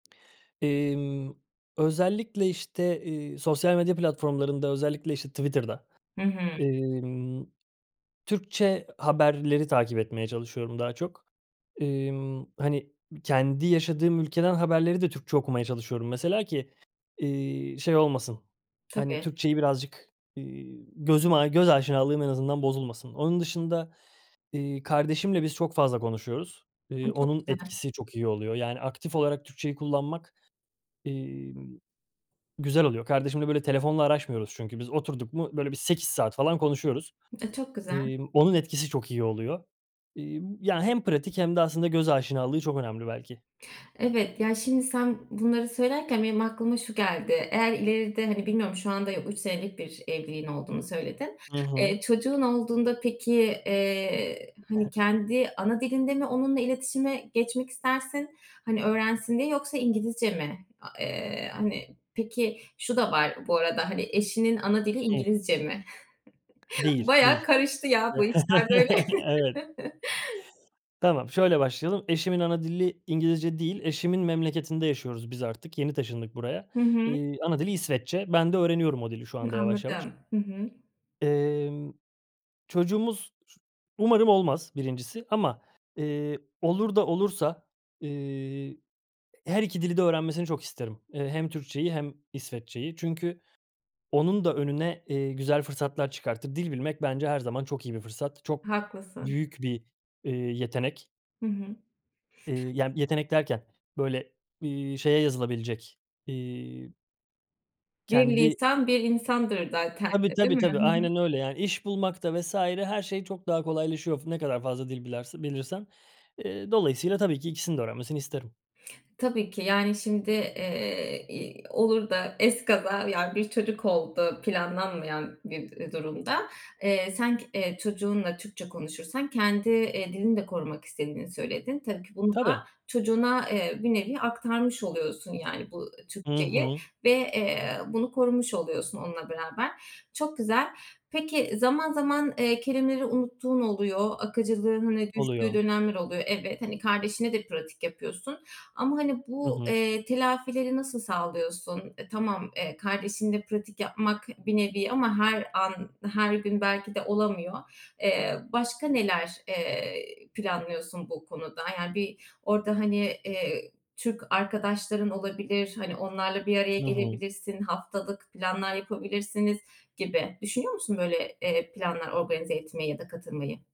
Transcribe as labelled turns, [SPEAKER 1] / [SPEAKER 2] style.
[SPEAKER 1] Eee, ımm, özellikle, işte, ııı, sosyal medya platformlarında özellikle, işte, Twitter'da,
[SPEAKER 2] Hı hı.
[SPEAKER 1] imm, Türkçe haberleri takip etmeye çalışıyorum daha çok. Emm, hani, kendi yaşadığım ülkeden haberleri de Türkçe okumaya çalışıyorum mesela ki, ııı, şey olmasın, hani,
[SPEAKER 2] Tabii.
[SPEAKER 1] Türkçeyi birazcık, ııı, gözüm a göz aşinalığım en azından bozulmasın. Onun dışında, iii, kardeşimle biz çok fazla konuşuyoruz.
[SPEAKER 2] Ay,
[SPEAKER 1] Iıı,
[SPEAKER 2] çok
[SPEAKER 1] onun
[SPEAKER 2] güzel.
[SPEAKER 1] etkisi çok iyi oluyor. Yani aktif olarak Türkçeyi kullanmak, emm, güzel oluyor. Kardeşimle, böyle, telefonla araşmıyoruz çünkü biz. Oturduk mu, böyle, bir 8 saat falan konuşuyoruz.
[SPEAKER 2] A, çok güzel.
[SPEAKER 1] emm, onun etkisi çok iyi oluyor. Eee, ya hem pratik hem de aslında göz aşinalığı çok önemli belki.
[SPEAKER 2] Evet. Ya, şimdi sen bunları söylerken benim aklıma şu geldi: Eğer ileride, hani, bilmiyorum şu anda 3 senelik bir evliliğin olduğunu söyledin.
[SPEAKER 1] Hı hı.
[SPEAKER 2] Eee, çocuğun olduğunda peki, eee, hani,
[SPEAKER 1] [unintelligible]
[SPEAKER 2] kendi ana dilinde mi onunla iletişime geçmek istersin? Hani, öğrensin diye yoksa İngilizce mi? A eee, hani Peki, şu da var bu arada, hani, eşinin ana dili
[SPEAKER 1] Hımm.
[SPEAKER 2] İngilizce mi?
[SPEAKER 1] Değil,
[SPEAKER 2] Bayağı
[SPEAKER 1] değil.
[SPEAKER 2] karıştı ya, bu işler böyle!
[SPEAKER 1] Evet. Tamam, şöyle başlayalım. Eşimin ana dili İngilizce değil. Eşimin memleketinde yaşıyoruz biz artık, yeni taşındık buraya.
[SPEAKER 2] Hı hı.
[SPEAKER 1] Iıı, ana dili İsveççe, ben de öğreniyorum o dili şu
[SPEAKER 2] Hı,
[SPEAKER 1] anda yavaş yavaş.
[SPEAKER 2] anladım. Hı hı.
[SPEAKER 1] Emm, çocuğumuz [unintelligible] umarım olmaz 1'incisi. Ama, ııı, olur da olursa, ııı, her 2 dili de öğrenmesini çok isterim. Iıı, hem Türkçeyi hem İsveççeyi. Çünkü onun da önüne, eee, güzel fırsatlar çıkartır. Dil bilmek bence her zaman çok iyi bir fırsat. Çok
[SPEAKER 2] Haklısın.
[SPEAKER 1] büyük bir, ııı, yetenek.
[SPEAKER 2] Hı hı.
[SPEAKER 1] Iıı, yani yetenek derken, böyle, ııı, şeye yazılabilecek, ııı
[SPEAKER 2] Bir
[SPEAKER 1] Kendi
[SPEAKER 2] lisan bir insandır, zaten.
[SPEAKER 1] Tabii,
[SPEAKER 2] E, değil
[SPEAKER 1] tabii, tabii.
[SPEAKER 2] mi?
[SPEAKER 1] Aynen öyle. Yani iş bulmak da vs. her şey çok daha kolaylaşıyor f ne kadar fazla dil biler bilirsen. Iıı, dolayısıyla tabii ki ikisinin de öğrenmesini isterim.
[SPEAKER 2] Tabii ki yani şimdi, eee, i olur da ezkaza, yani, bir çocuk oldu planlanmayan bir, ııı, durumda. Eee, sen k çocuğunla Türkçe konuşursan kendi, ııı, dilini de korumak istediğini söyledin. Tabii ki bunu da
[SPEAKER 1] Tabii.
[SPEAKER 2] çocuğuna, ııı, bir nevi aktarmış oluyorsun yani bu
[SPEAKER 1] Hı
[SPEAKER 2] Türkçeyi
[SPEAKER 1] hı.
[SPEAKER 2] ve, eee, bunu korumuş oluyorsun onunla beraber. Çok güzel. Peki, zaman zaman, eee, kelimeleri unuttuğun oluyor. Akıcılığının düştüğü
[SPEAKER 1] Oluyor.
[SPEAKER 2] dönemler oluyor. Evet. Hani, kardeşine de pratik yapıyorsun ama, hani,
[SPEAKER 1] Hı
[SPEAKER 2] bu,
[SPEAKER 1] hı.
[SPEAKER 2] eee, telafileri nasıl sağlıyorsun? E, tamam, eee, kardeşinle pratik yapmak bir nevi ama her an, her gün belki de olamıyor. Eee, başka neler, eee, planlıyorsun bu konuda? Yani bir orada, hani, ııı, Türk arkadaşların olabilir, hani, onlarla bir araya
[SPEAKER 1] Hı hı.
[SPEAKER 2] gelebilirsin, haftalık planlar yapabilirsiniz gibi. Düşünüyor musun, böyle, eee, planlar organize etmeyi ya da katılmayı?